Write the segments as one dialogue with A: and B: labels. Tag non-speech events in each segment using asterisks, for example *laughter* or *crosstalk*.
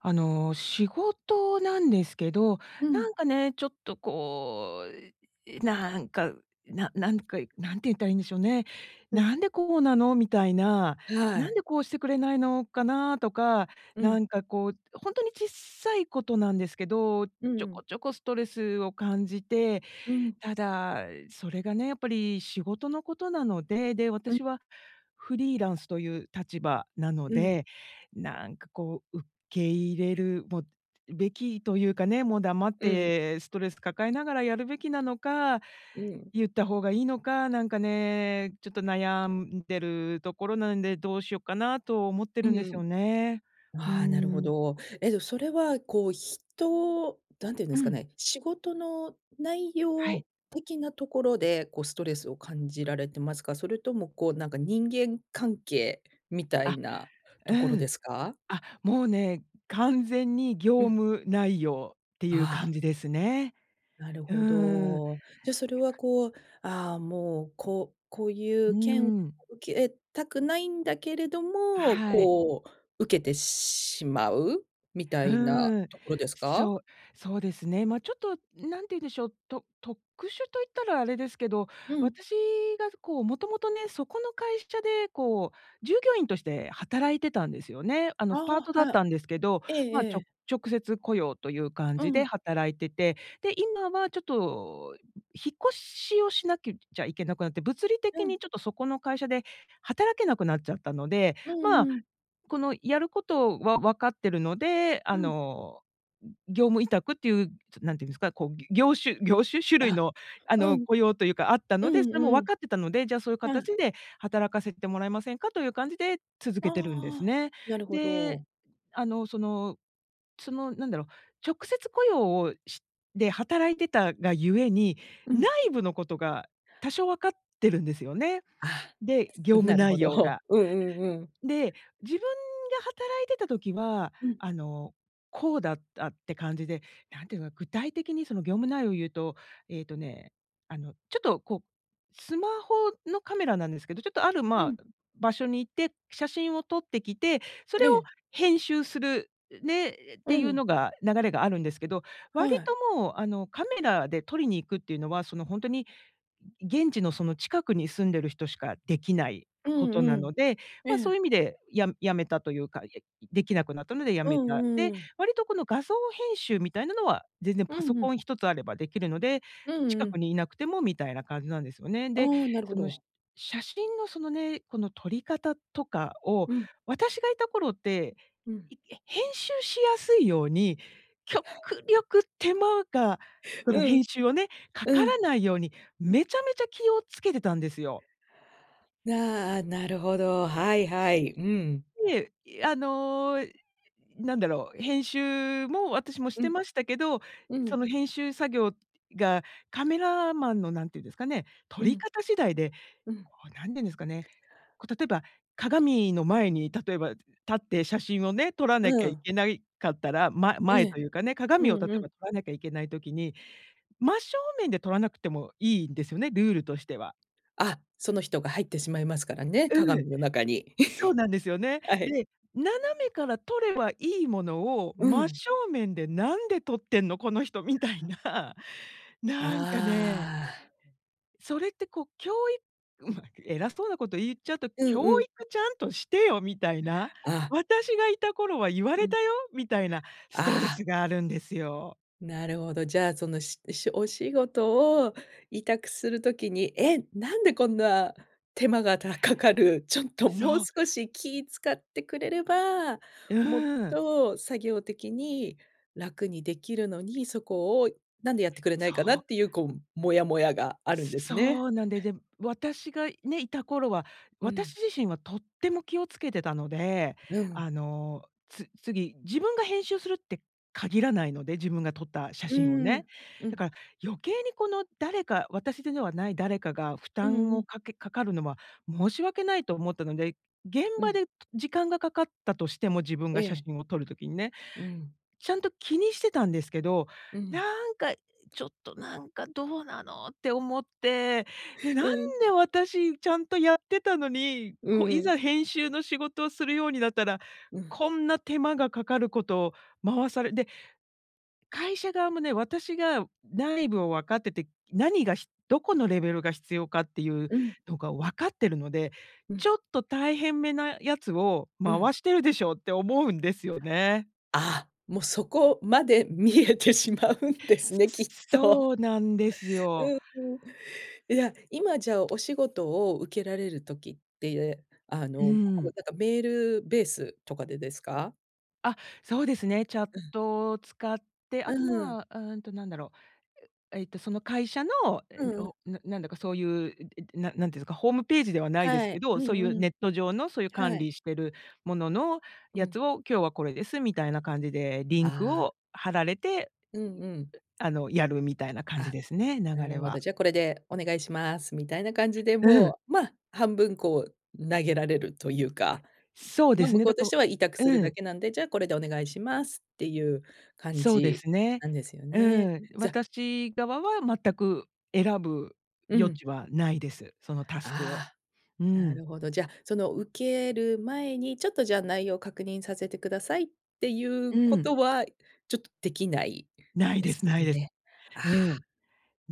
A: あの、仕事なんですけど、
B: う
A: な
B: ん。
A: んかね、ちょっと、こう、なんか、ななんか、なんて言ったらいいんでしょうね。
B: うん。
A: 「なんでこうなの？」みたいな、
B: は
A: 「なん
B: い。
A: でこうしてくれないのかな？」とか、
B: う
A: な
B: ん。
A: んかこう、ほんとにちっさいことなんですけど、ち
B: う
A: ょ
B: ん。
A: こちょこストレスを感じて。
B: うん。
A: ただ、それがね、やっぱり、仕事のことなので。で、
B: うん。
A: 私は、フリーランスという立場なの
B: うん。
A: で。なんかこう、受け入れる、もう、べきというかね、もう黙っ
B: うん。
A: て、ストレス抱えながらやるべきなのか、
B: うん。
A: 言った方がいいのか、なんかね、ちょっと悩んでるところなんで、どうしよっかなと思って
B: う
A: るんですよ
B: ん。
A: ね。うー
B: あ、なるほ
A: ん。
B: ど。えっと、それは、こう、人、なんて言うんで
A: う
B: すか
A: ん。
B: ね、仕事の、内
A: はい。
B: 容的なところで、こう、ストレスを感じられてますか？それとも、こう、なんか、人間関係みた
A: あ、
B: いなと
A: う
B: ころで
A: ん。
B: すか？
A: あ、もうね、完全に
B: う
A: 業
B: ん。
A: 務内容っていう
B: あ
A: 感
B: あ。
A: じですね。
B: なる
A: う
B: ほ
A: ん。て
B: ど。じゃ、それは
A: か
B: こう、あ、もう、ここうい
A: う
B: う件を
A: ん。
B: 受けたくないんだけれども、
A: はい。
B: こう、受けてしまうみたいな
A: うん、
B: ところですか？
A: そう、そうですね。ま、ちょっと、何て言うんでしょう。と特殊と言ったらあれですけど、
B: うん。
A: 私が、こう、もともとね、そこの会社で、こう、従業員として働いてたんですよね。あの、
B: あ、
A: パートだっ
B: はい。
A: たんですけど、
B: ええ
A: ま、ち
B: え
A: ょ
B: え。
A: 直接雇用という感
B: う
A: じで
B: ん。
A: 働いてて。で、今はちょっと、引っ越しをしなくちゃいけなくなって。物理
B: う
A: 的
B: ん。
A: にちょっと、そこの会社で働けなくなっちゃったので。
B: うん
A: まあ、
B: うん。
A: この、やることは、分かってるので、あ
B: うん。
A: の、ん、業務委託っていう、何て言うんですか、こう、業種業種？種類
B: あ、
A: の、あ
B: う
A: の、
B: ん。
A: 雇用というか、あった
B: う
A: ので、
B: ん
A: それも
B: う
A: 分
B: ん。
A: かってたので、「じゃあ、そういう
B: う
A: 形
B: ん。
A: で働かせてもらえませんか？」という感じで続けてるんです
B: ああ、
A: ね。
B: なるほ
A: で、
B: ど。
A: あの、そのその、なんだろう。直接雇用をしで、働いてたがゆえに、
B: うん。
A: 内部のことが、多少分かってるんですよね。
B: あ、
A: で、業
B: つ
A: 務
B: なるほ
A: 内容
B: ど。
A: が。
B: うんうんうん。
A: で、自分が働いてた時は、
B: うん。
A: あの、こうだったって感じで、なんて言うのかな、具体的にその業務内容を言うと、えっとね、あの、ちょっとこう、スマホのカメラなんですけど、ちょっと、ある、
B: う
A: ま、
B: ん。
A: 場所に行って、写真を撮ってきて、そ
B: え
A: れを
B: え。
A: 編集する、ね、っ
B: う
A: ていう
B: ん。
A: のが、流れがあるんですけど。
B: は
A: 割
B: い。
A: ともう、あの、カメラで撮りに行くっていうのは、そのほんとに、現地のその近くに住んでる人しかできない
B: う
A: こと
B: んう
A: な
B: ん。
A: ので、
B: え
A: ま、そうい
B: え。
A: う意味で、や辞めたというか、へ、できなくなったので辞
B: う
A: めた。
B: ん、
A: で、
B: うーん。
A: 割とこの画像編集みたいなのは、全然
B: う
A: パソ
B: んう
A: コ
B: ん。
A: ン一つあればできるので、
B: うん
A: 近
B: う
A: く
B: ん。
A: にいなくても、みたいな感じなんですよね。で、
B: あ、なるほ
A: その、
B: ど。
A: 写真の、そのね、この、撮り方とかを
B: うん。
A: 私がいた頃って、
B: うん。
A: いえ、編集しやすいように、極
B: *laughs*
A: 力手間が、その
B: うん。
A: 編集をね、か
B: う
A: から
B: ん。
A: ないように、
B: うん。
A: めちゃめちゃ気を付けてたんですよ。
B: な、ああ、なるほど、はいはい、うん。
A: で、あの、なんだろう。編集も、私もし
B: う
A: て
B: ん。
A: ましたけど、
B: う
A: そ
B: ん。
A: の編集作業が、カメラマンの何て言うんですかね、撮
B: う
A: り
B: ん。
A: 方次第で、
B: うん。
A: こう、何て言うんですかね。こう、例えば、鏡の前に、例えば、立って、写真をね、撮ら
B: う
A: なきゃい
B: ん。
A: けないかったら、ま
B: え
A: 前と
B: え。
A: いうかね、
B: う
A: 鏡を例
B: んう
A: え
B: ん。
A: ば、撮らなきゃいけない時に、真正面で撮らなくてもいいんですよね、ルールとしては。
B: あ、その人が入ってしまいますからね、
A: う
B: 鏡の中に。
A: ん、そうなんですよ
B: *chuckles*
A: ね。
B: はい。
A: で、斜めから撮ればいいものを、
B: う
A: 「真
B: ん。
A: 正面で何で撮ってんの？この人」みたいな。なんかね
B: ああ。
A: それってこう、きょういうん、なんか、偉そうなこと言っちゃうと
B: うんう
A: 「教
B: ん。
A: 育ちゃんとしてよ」みたいな、
B: ああ。
A: 「私がいた頃は言わ
B: う
A: れた
B: ん。
A: よ」みたいな、ストレ
B: ああ。
A: スがあるんですよ。
B: なるほど、じゃあ、その、ししお仕事を、委託する時に「え、なんでこんな、手間が、たかかる。ちょっと、
A: そ
B: もう
A: う。
B: 少し気使ってくれれば、もっ
A: うん。
B: と、作業的に楽にできるのに、そこをなんでやってくれない
A: そ
B: かな」
A: う。
B: っていう、こう、モヤモヤがあるんですね。
A: そうなんでで、私が、ね、いた頃は、
B: うん。
A: 私自身はとっても気を付けてたので、
B: うん。
A: あの、つ次、自分が編集するって限らないので、自分が撮った写
B: う
A: 真を
B: ー
A: ね。
B: ん、う
A: だか
B: ん。
A: ら、余計に、この、誰か、私でのはない誰かが、負
B: うん
A: 担
B: う
A: を
B: ん。
A: かけかかるのは申し訳ないと思ったので、現
B: う
A: 場
B: ん。
A: で、と時間がかかったとしても、自分
B: え
A: が写
B: え。
A: 真を撮る時にね、
B: うん。
A: ちゃんと気にしてたんですけど。
B: うん。
A: なんか「ちょっと、なんか、どうなの？」って思って。で、なん
B: うん。
A: で、私、ちゃんとやってたのに、
B: う
A: こう、い
B: ん。
A: ざ編集の仕事をするようになったら、
B: うん。
A: こんな手間がかかることを回され、で会社側もね、私が内部を分かってて、何がひどこのレベルが必要かっていう
B: うん。
A: のが分かってるので、
B: うん。
A: 「ちょっと大変めなやつを
B: うん。
A: 回してるでしょ」って思うんですよね。
B: あ、もう、そこまで、見えてしまうんです
A: す
B: ね、き
A: す
B: っ
A: す
B: と。
A: そうなんですよ。
B: うーん。いや、今じゃあ、お仕事を受けられる時って、あ
A: う
B: の、こう、
A: ん。
B: なんか、メールベースとかでですか？
A: あ、そうですね。チャッ
B: うん。
A: トを使って、
B: う
A: あと、
B: ーん。
A: ま、うーんと、なんだろう、う、えっと、その会社の、え、
B: うんうん。
A: おななんだかそういう、ええと、な何て言うんですか、ホームページではないです
B: は
A: け
B: い、う
A: ど、そ
B: ん
A: ういう、
B: う
A: ネ
B: ん。
A: ット上の、そういう管
B: はい。
A: 理してるものの、
B: う
A: や
B: ん。
A: つを「今日はこれです」みたいな感じで、リンク
B: ああ。
A: を貼られて、
B: う
A: う
B: んうん。
A: あの、やるみたいな感じ
B: あ、
A: ですね、
B: な
A: 流れ
B: るほど。
A: は。
B: 「じゃあ、これで、お願いします」みたいな感じで
A: うん。
B: もう、ま、半分、こう、投げられるというか、
A: そうで
B: ま、
A: す
B: 向
A: ね。
B: こ
A: だ
B: うと
A: か
B: し
A: ら
B: ては委託する
A: う
B: だ
A: ん。
B: けなんで「じゃあこれでお願いします」っていう感
A: そうで
B: じ、
A: すね。
B: なんですよね。
A: うん。
B: じゃ
A: 私側は、全く選ぶ
B: う
A: 余
B: ん。
A: 地はないです。そのタスクを。
B: あ
A: う
B: あ、な
A: ん。
B: るほど。じゃ、その、受ける前に、「ちょっと、じゃあ、内容を確認させてください」っていう
A: う
B: こ
A: ん。
B: とは、ちょっとできない
A: ない
B: で
A: で
B: す
A: すないです。
B: ね。あ
A: う
B: あ。
A: ん。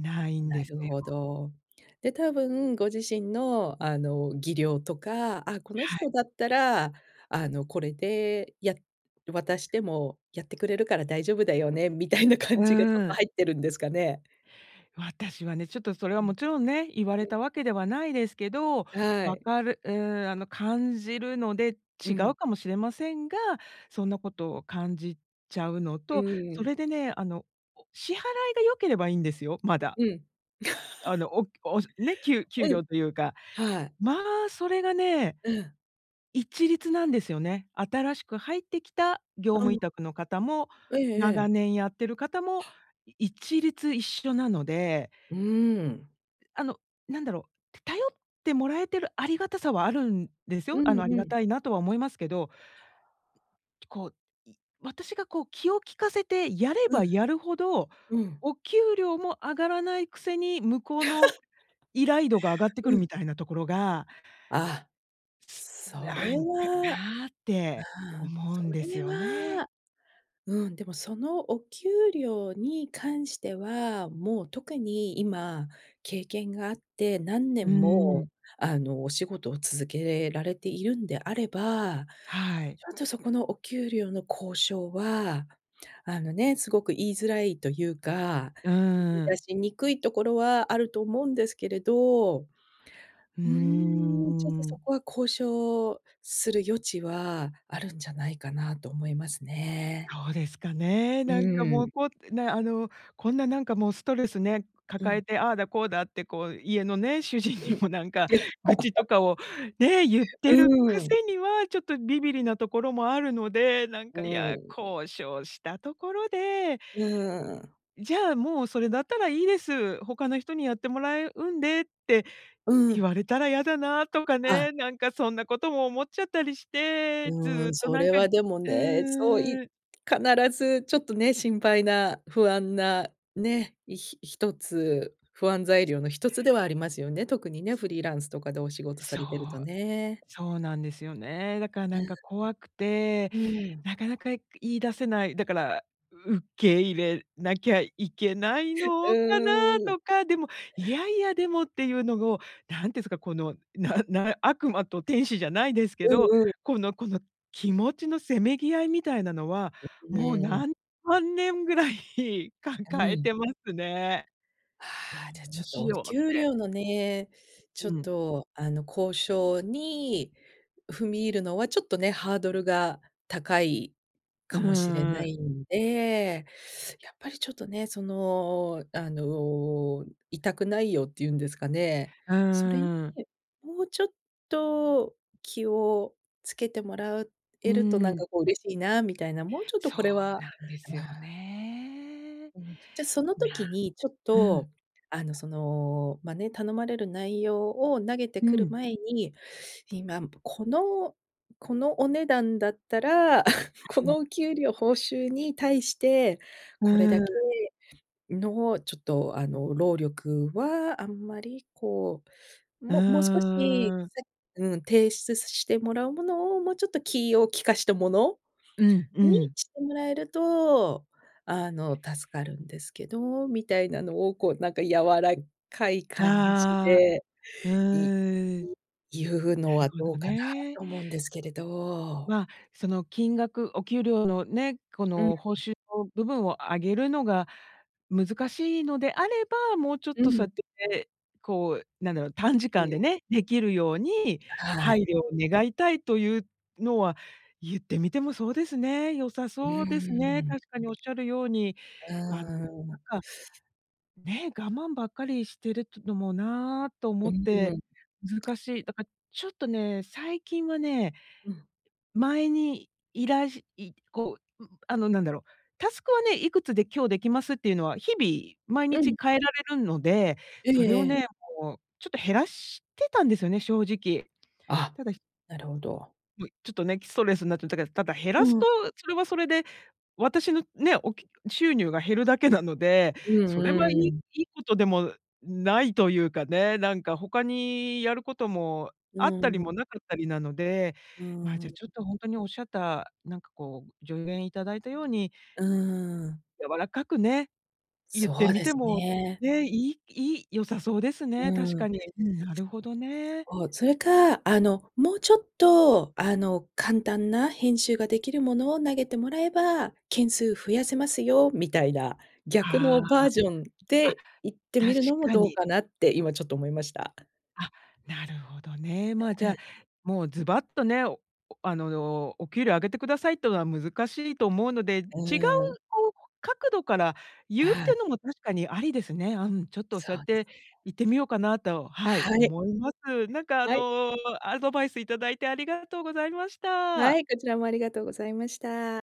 A: ないん
B: な
A: です
B: る
A: よ。
B: ほど。で、たぶん、ご自身の、あの、技量とか「あ、この
A: はい。
B: 人だったら、あの、これでや渡しても、やってくれるから大丈夫だよね」みたいな
A: う
B: 感じがちょっ
A: ー
B: と
A: ん。
B: 入ってるんですかね。
A: 私はね、ちょっとそれ
B: う
A: はも
B: ん。
A: ちろんね、言われ
B: うん。
A: たわけではないですけど、
B: は
A: 分
B: い。
A: かるうん、あの、感じるので、
B: う
A: 違う
B: ん。
A: かもしれませんが、そんなことを、感じちゃうの
B: う
A: と、
B: ー
A: そ
B: ん。
A: れでね、あの、支払いが良ければいいんですよ、まだ。
B: うん。
A: あ
B: *laughs*
A: の、おお、ね、きゅう給
B: うん、
A: 料というか、
B: はい。
A: ま、それがね、
B: うん。
A: 一律なんですよね。新しく入ってきた、業
B: う
A: 務
B: ん。
A: 委託の方も、
B: ええええ。
A: 長年やってる方も、
B: *gasps*
A: 一律、一緒なので。
B: うん。
A: あの、なんだろう。頼ってもらえてる、ありがたさはあるんです
B: う
A: よ。あ
B: ん
A: の、あり
B: う
A: が
B: ん。
A: たいな、とは思いますけど。こう、私がこう、気を利かせて、やれ
B: う
A: ば
B: ん。
A: やるほど、
B: うん。
A: お給料も上がらないくせに、向こう
B: *laughs*
A: の依頼度が上がってく
B: う
A: るみ
B: ん。
A: たいなところが
B: ああ。そ
A: 「な
B: れ
A: んか
B: は
A: な」って
B: あん、
A: 思う
B: そ
A: んです
B: れ
A: よね。
B: は、うん、でも、その、お給料に関しては、もう、特に、今、経験があって、何
A: う
B: 年も、
A: ん。
B: あの、お仕事を続けれられているんであれば、
A: はい。
B: ちょっと、そこのお給料の交渉は、あのね、すごく言いづらいというか、
A: う
B: 言い
A: ん。
B: 出しにくいところはあると思うんですけれど、う
A: うー
B: ーん、ちょっと
A: ん、う
B: そ
A: ん。
B: こは交渉する余地は、あるんじゃないかなと思いますね。
A: そうですかね。
B: う
A: なんか、
B: ー
A: もう、
B: ん。
A: こう、ね、あの、こんななんか、もう、ストレスね、
B: う
A: 抱
B: ん。
A: えて、ああだこうだって、こう、家のね、主人
B: う
A: に
B: ん。
A: もなんか、愚痴とか
B: *laughs*
A: を、ね、言っ
B: う
A: てる
B: ー
A: く
B: ん。
A: せには、ちょっとビビりなところもあるので、なん
B: う
A: か、い
B: ー
A: や、
B: ん。
A: 交渉したところで
B: うーん。
A: 「じゃあ、もう、それだったらいいです。他の人にやってもらえうんで」って、
B: う
A: 言
B: ん。
A: われたら嫌だな、とか
B: あ。
A: ね。なんかそんなことも思っちゃったりして、
B: うー
A: ず
B: ん、
A: っと
B: そ
A: なん
B: れ
A: か
B: はでも
A: う
B: ね、そうい
A: ーん。
B: 必ず、ちょっとね、心配な、不安な、ね、ひ一つ、不安材料の一つではありますよね。特にね、フリーランスとかでお仕事さ
A: そう、
B: れてるとね。
A: そうなんですよね。だから
B: う
A: なんか怖くて、
B: ん。うーん。
A: なかなか、言い出せない。だから、受け入れなきゃいけない
B: う
A: のかな、
B: ーん。
A: とか、でも、いやいやでもっていうのを、何て言うんすか、この、なな、悪魔と天使じゃないですけ
B: う
A: ど、
B: んう
A: この
B: ん。
A: この、気持ちのせめぎ合いみたいなのは、
B: う
A: もう、
B: んうん。
A: 何万年ぐらい
B: う
A: 抱え
B: ん。
A: てますね。
B: あ、
A: 「ど
B: じゃあち
A: う
B: ょっと
A: し
B: お
A: よう」っ
B: 給
A: て。
B: 料のね、ちょっ
A: うん。
B: と、あの、交渉に踏み入るのはちょっとね、ハードルが高い
A: う
B: かもしれ
A: ー
B: な
A: ん。
B: いんで、やっぱりちょっとね、その、あの、委託内容って言うんですかね。
A: う
B: それに、
A: ーん。
B: もうちょっと、気をつけてもら
A: う
B: えると、なん
A: ん。
B: かこう嬉しいなみたいな、もうちょっと
A: そ
B: こ
A: う
B: れは
A: なんです
B: う
A: よ
B: ん。
A: ね。
B: うん。じゃ、その時
A: な
B: に、ちょっ
A: う
B: と、
A: ん。
B: あの、その、まあね、頼まれる内容を、投げて
A: う
B: くる
A: ん。
B: 前に、今、このこのお値段だったら、*chuckles* この
A: *unintelligible*
B: お給料、報酬に対して
A: う
B: これだ
A: ー
B: け
A: ん。
B: の、ちょっと、あの、労力はあんまり、こう、
A: う
B: ももう少し、
A: ーん。
B: せうん、提出してもらうものを、もうちょっと気を利かしたもの
A: うんう
B: に、
A: ん。
B: してもらえると、あの、助かるんですけど、みたいなのを、こう、なんか柔らかい感じ
A: ああ、
B: で、
A: う
B: いい
A: ーん。
B: 言う
A: な
B: の
A: る
B: は
A: ほ
B: ど
A: ど
B: うかな、
A: ね。
B: と思うんですけれど。
A: ま、その金額、お給料のね、こ
B: うん。
A: の、報酬の部分を上げるのが、難しいのであれば、もうちょっ
B: う
A: とそ
B: ん。
A: うやって、こう、なんだろう、短時
B: う
A: 間で
B: ん。
A: ね、できるように、
B: は
A: 配
B: い。
A: 慮を願いたいというのは、言ってみてもそうですね。良さ
B: うー
A: そうですね。
B: ん。
A: 確かにおっしゃるように、
B: う
A: あの、
B: ん。
A: なんかね、「我慢ばっかりしてるってのもな」と思
B: う
A: って、
B: ん。
A: 難しい。だから、ちょっとね、最近はね
B: うん。
A: 前に、依頼しい、こう、う、あの、なんだろう、タスクはね、いくつで今日できますっていうのは、日々、毎
B: う
A: 日
B: ん。
A: 変えられるので、
B: え
A: それ
B: え
A: を
B: ええ。
A: ね、もう、ちょっと減らしてたんですよね、正直。
B: あ、
A: ただひ
B: なるほど。
A: もい、ちょっとね、ストレスになっちゃってたから。ただ、減らす
B: うん。
A: と、それはそれで、私の、ね、おきゅ収入が減るだけなので。
B: う
A: それ
B: ん
A: はいい
B: うん。
A: いいことでもないというかね。なんか、他にやることも、
B: う
A: あったり
B: ん。
A: もなかったりなので、
B: う
A: ま、じゃあ
B: ん。
A: ちょっと、ほんとにおっしゃった、なんかこう、助言いただいたように
B: うーん。
A: 柔らかくね、言って
B: そう
A: み
B: で
A: て
B: す
A: も、
B: ね。
A: ね、いいいい良さそうですね、確
B: うん。
A: かに。うん、なるほどね。
B: そう、それか、「あの、もうちょっと、あの、簡単な編集ができるものを、投げてもらえば、件数増やせますよ」みたいな。逆の
A: あ
B: バージョン
A: あ、あ、
B: で、言ってみ
A: 確
B: るのも
A: か
B: どう
A: に。
B: かなって今ちょっと思いました。
A: あ、なるほどね。ま、
B: う
A: じゃ
B: ん。
A: あ、もう、ズバッとね、あの「お給料上げてください」とは難しいと思うので、違う、
B: うん。
A: ほうほ角度から言うっ
B: ああ。
A: てのも確かに、ありですね。うん、ちょっと、そう
B: そ
A: やっ
B: うです。
A: て言ってみようかなと、はい、
B: はい。
A: 思います。なんか、あ
B: はい。
A: の、アドバイスいただいてありがとうございました。
B: はい、こちらもありがとうございました。